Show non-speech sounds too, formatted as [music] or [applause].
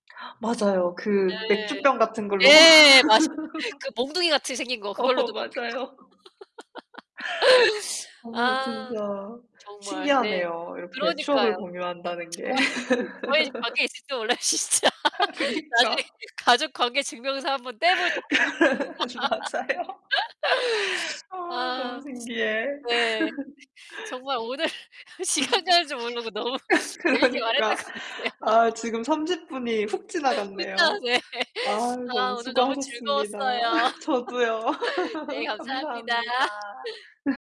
[gasps] 맞아요. 그 네. 맥주병 같은 걸로 막 예, 맞습 그 [laughs] 몽둥이같이 생긴 거 어 그걸로도 먹고 있고. 맞아요. [laughs] 어 아 진짜 정말 네. 신기하네요, 이렇게 추억을 그러니까요. 공유한다는 게. 좋아요. 저희집 가계에 [laughs] 있을지도 몰라요, 진짜. 아 나중에 그니까. 가족 관계 증명서 1 번 떼 보자. [laughs] 맞아요. [laughs] 아 너무 아. 신기해. 네. [laughs] 정말 오늘 시간 가는 줄 모르고 너무 [laughs] 재밌게 말했던 그러니까. 것 같아요. 아 지금 30 분이 훅 후딱 지나갔네요. 예. 아 [laughs] 아 너무 오늘 너무 수고하셨습니다. 즐거웠어요. [laughs] 저도요. [laughs] 네 [laughs] 감사합니다. 감사합니다.